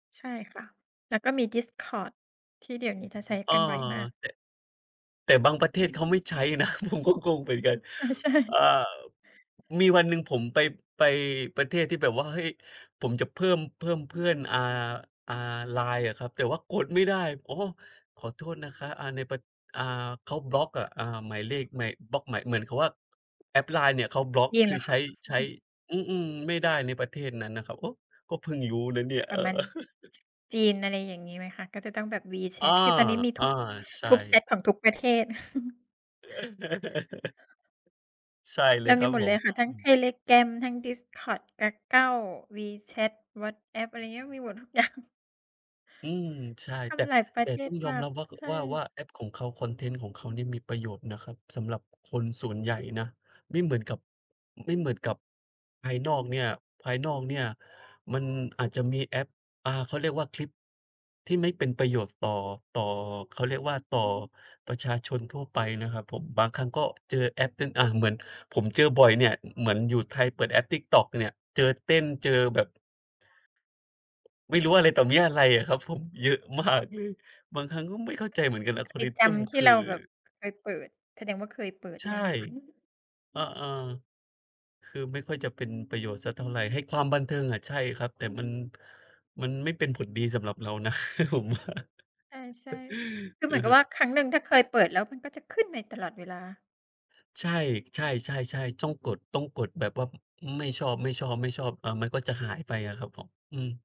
ใช่ค่ะ แล้วก็มี Discord ที่เดี๋ยวนี้จะใช้เออ กันบ่อยมาก แต่ แต่บางประเทศเขาไม่ใช้นะ ผมก็กงเหมือนกัน เออ ใชอ ่ อ่า บ มีวันหนึ่งผมไป ไปประเทศที่แบบว่า เฮ้ยผมจะเพิ่ม เพิ่มเพื่อน อ่า อ่า LINE อะครับ แต่ว่ากดไม่ได้ "โอ้ ขอโทษนะคะ อ่า ในประ อ่า เขาบล็อกอะ" อ่า หมายเลขในบล็อกหมาย เหมือนกับว่า แอป LINE เนี่ยเขาบล็อก เย็คนเืหอรอใคช้ ะ? อใชือ้ ฮึ อืม ๆ ไม่ได้ในประเทศนั้นนะครับ โอ๊ะ! ก็เพิ่งรู้นะเนี่ย ปเอรอ ะมาณ จีนอะไรอย่างงี้ไหมคะ? ก็จะต้องแบบ อา WeChat คือตอนนี้มีอทุ้อ ก ใชทุกแช่ ตของทุกประเทศ ใช่เลเรายคมีรับหมดผเลม ยค่ะ อทั้งืม Telegram ทั้ง Discord, Kakao, WeChat, WhatsApp อะไรเงี้ย มีหมดทุก อย่าง อืม ใช่ ทแต่ ำหลายปรแะต่เทตศ้องยมอมาก รับว่า ข ใชว่า ว่า่ แอป ของเขาคอนเทนต์ของเขาเนี่ย มีประโยชน์นะครับ สำหรับคนส่วนใหญ่นะ ไม่เหมือนกับ ไม่เหมือนกับ ภายนอกเนี่ย ภายนอกเนี่ย มันอาจจะมีแอป อ่า เขาเรียกว่าคลิปที่ไม่เป็นประโยชน์ต่อ ต่อ เขาเรียกว่าต่อประชาชนทั่วไปนะครับผม บางครั้งก็เจอแอปเต้น อะ เหมือนผมเจอบ่อยเนี่ย อ เหมือนอยู่ไทยเปิดแอป TikTok เนี่ย เจอเต้น เจอแบบ ไม่รู้อะไรต่อมีอะไรอะครับผม เยอะ มาก เลย บางครั้งก็ไม่เข้าใจเหมือนกัก็เหน มือนมันก็ไปจAlgorithm ำทคี่ืเอ ราแบบเคยเปิด แสดงว่าเคยเปิดใชใช่ ่ไหมคะ? อือฮึ อะ เออ คือไม่ค่อยจะเป็นประโยชน์สักเท่าไร ให้ความบันเทิงอะ ใช่ครับ แต่มัน มันไม่เป็นผลดีสำหรับเรานะ ผมว่า ใช่ ๆ คือเอหืมืมอนกัฮบึ ว่าครั้งหนึ่งถ้าเคยเปิดแล้ว มันก็จะขึ้นใน ตลอดเวลา ใช่ ๆ ๆ ๆ ต้องกด ต้องกดแบบว่า อ ไม่ชอบ ๆ ๆ อ่า มันก็จะหายไปอะครับผม อืม